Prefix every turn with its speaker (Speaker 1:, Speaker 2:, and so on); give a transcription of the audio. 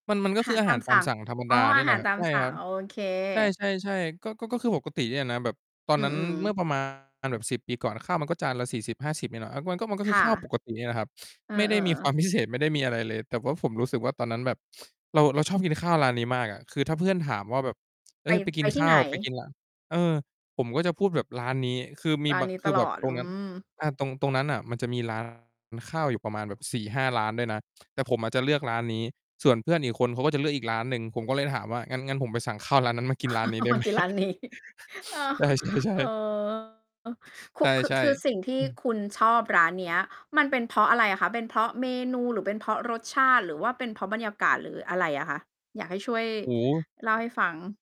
Speaker 1: มัน มันก
Speaker 2: อ
Speaker 1: ็
Speaker 2: า
Speaker 1: ค
Speaker 2: ห
Speaker 1: ื
Speaker 2: า
Speaker 1: อ
Speaker 2: ร
Speaker 1: อา
Speaker 2: ต
Speaker 1: ห
Speaker 2: า
Speaker 1: า
Speaker 2: ม
Speaker 1: รต
Speaker 2: ส
Speaker 1: า
Speaker 2: ั
Speaker 1: ม
Speaker 2: ่ง
Speaker 1: สั่งธรรม
Speaker 2: อ
Speaker 1: ด
Speaker 2: ๋อ
Speaker 1: าเน
Speaker 2: อ
Speaker 1: ี่
Speaker 2: า
Speaker 1: ยแห
Speaker 2: ห
Speaker 1: ล
Speaker 2: า
Speaker 1: ะ
Speaker 2: ร
Speaker 1: ครั
Speaker 2: ต
Speaker 1: บ
Speaker 2: า
Speaker 1: ใ
Speaker 2: ม
Speaker 1: ช่
Speaker 2: สั่
Speaker 1: คร
Speaker 2: ง
Speaker 1: ับ
Speaker 2: โอเค
Speaker 1: ใช่ ๆ ๆ ก็ ก็ ก็คือปกติเนี่ยนะ แบบตอ
Speaker 2: อ
Speaker 1: น
Speaker 2: ื
Speaker 1: นั้น
Speaker 2: อ
Speaker 1: เมื่
Speaker 2: ๆ
Speaker 1: อประ มาณ แบบ 10 ปีก่อน ข้าวมันก็จานละ 40-50 เนี่ยแหละ อ่า มันก็ มันก็ค
Speaker 2: ค
Speaker 1: ือ
Speaker 2: ่
Speaker 1: ข้าว
Speaker 2: ะ
Speaker 1: ปกติเนี่ยแหละครับ
Speaker 2: เออ
Speaker 1: ไม่ได้มีควา
Speaker 2: ๆ
Speaker 1: ม พิเศษ ไม่ได้มีอะไรเลย แต่ว่าผมรู้สึกว่า ตอนนั้นแบบเรา เราชอบกินข้าวร้านนี้มากอะ คือถ้าเพื่อนถามว่า แบบ "เฮ
Speaker 2: ไป
Speaker 1: ้ย ไปก
Speaker 2: ไ
Speaker 1: ิ
Speaker 2: ป
Speaker 1: น
Speaker 2: ท
Speaker 1: ข
Speaker 2: ี่
Speaker 1: ้า
Speaker 2: ไหน?
Speaker 1: ว ไปกินร้าน" เออ ผมก็จะพูดแบบร้านนี้ คือมี
Speaker 2: ร้า
Speaker 1: บ
Speaker 2: น
Speaker 1: าง
Speaker 2: นี้
Speaker 1: ค
Speaker 2: ต
Speaker 1: ือแ
Speaker 2: ล
Speaker 1: บบ
Speaker 2: อด
Speaker 1: ตร
Speaker 2: อ
Speaker 1: ง
Speaker 2: ื
Speaker 1: นั้น
Speaker 2: ม
Speaker 1: อา ตรง ตรงนั้นน่ะมันจะมี ร้าน ข้าวอยู่ประมาณแบบ 4-5 ร้านได้นะ แต่ผมอะจะเลือกร้านนี้ ส่วนเพื่อนอีกคนเขาก็จะเลือกอีกร้านหนึ่ง ผมก็เลยถามว่า "งั้น งั้นผมไปสั่งข้าวร้านนั้นมากินร้านนี้ ได้ไหม?"
Speaker 2: กินร้านนี้ เออ
Speaker 1: ใช่
Speaker 2: เอ
Speaker 1: ๆ ๆ
Speaker 2: อ ค
Speaker 1: ใ
Speaker 2: ุ คือ
Speaker 1: ช่
Speaker 2: คือสิ่งท
Speaker 1: ๆ
Speaker 2: ี่
Speaker 1: อืม
Speaker 2: คุณชอบร้านเนี้ย มันเป็นเพราะอะไรอะคะ? เป็นเพราะเมนูหรือเป็นเพราะรสชาติ หรือว่าเป็นเพราะบรรยากาศหรืออะไรอะคะ? อยากให้ช่วย
Speaker 1: โอ้โฮ
Speaker 2: เล่าให้ฟัง